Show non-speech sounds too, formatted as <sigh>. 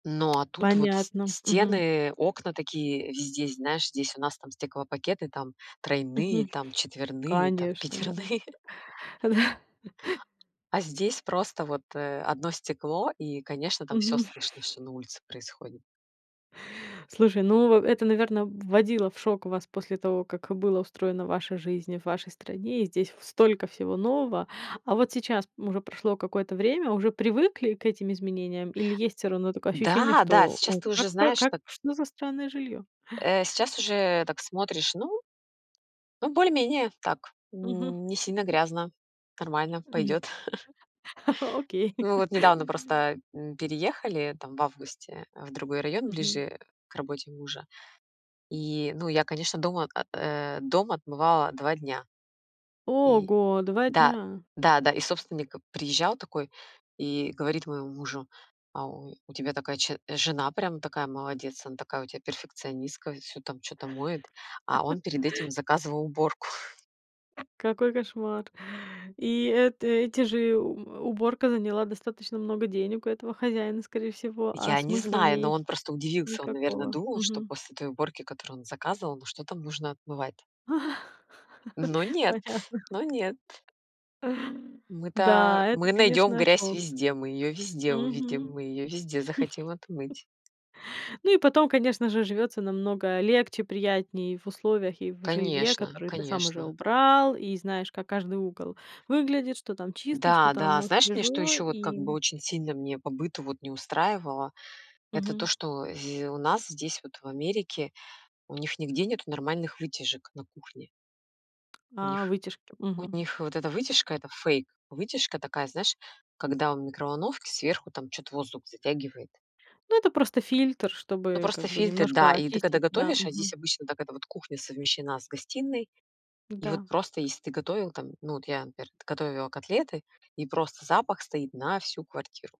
Ну, а тут вот с Понятно, мгм. стены, окна такие везде, знаешь, здесь у нас там стеклопакеты там тройные, Мгм. там четверные, там Конечно, да. пятерные. Да. <chuckles> А здесь просто вот, э, 1 стекло и, конечно, там всё Мгм. слышно, что на улице происходит. Слушай, ну, э это, наверно, вводило в шок вас после того, как было устроена ваша жизнь, в вашей стране. И здесь в столько всего нового. А вот сейчас уже прошло какое-то время, уже привыкли к этим изменениям или есть все-равно такое ощущение, Да, да, что сейчас "о, ты уже как про знаешь, как, так что за странное жильё?" Э, сейчас уже так смотришь, ну ну, более-менее так, Мгм. не сильно грязно, нормально, М. пойдет. <chuckles> Окей. Мы вот недавно просто, м, переехали, там, в августе, э, в другой район, Мгм. ближе к работе мужа, и, ну, я, конечно, дом, о э, дом отмывала 2 дня. И Ого, 2 да, дня! да, да, и собственник приезжал такой, и говорит моему мужу: "А, о, у тебя такая че жена прям такая молодец, она такая у тебя перфекционистка, всё там чё-то моет". А он перед этим <chuckles> заказывал уборку. Какой кошмар. И эта эти же, у э, уборка заняла достаточно много денег у этого хозяина, скорее всего. А Я не смысла в знаю, но ней он просто удивился, он, наверное, никакого. думал, что Мгм. после той уборки, которую он заказывал, ну, что там нужно отмывать? <laughs> Но нет, Понятно. но нет. А, Мы-то да, это, мы найдем конечно, грязь шок. везде, мы ее везде увидим, Мгм. мы ее везде захотим <chuckles> отмыть. Ну и потом, конечно же, живется намного легче, приятней в условиях, и в жилье, Конечно, которые ты сам уже конечно. убрал. И знаешь, как каждый угол выглядит, что там чисто, что Да, там, да, ну, знаешь, мне что свежо еще вот как бы и очень сильно мне по быту вот не устраивало? Это то, Мгм. что, зь у нас здесь вот в Америке у них нигде нету нормальных вытяжек на кухне. У А, них вытяжки. у Мгм. них вот эта вытяжка- это фейк, вытяжка такая, знаешь, когда в микроволновке сверху там чё-то воздух затягивает. Ну это просто фильтр, Ну, чтобы просто как бы фильтр, да, немножко и ты когда очистить, да, готовишь, а здесь мгм. обычно так: это вот кухня совмещена с гостиной. И вот Да. просто если ты готовил там, ну, вот я, например, готовила котлеты, и просто запах стоит на всю квартиру.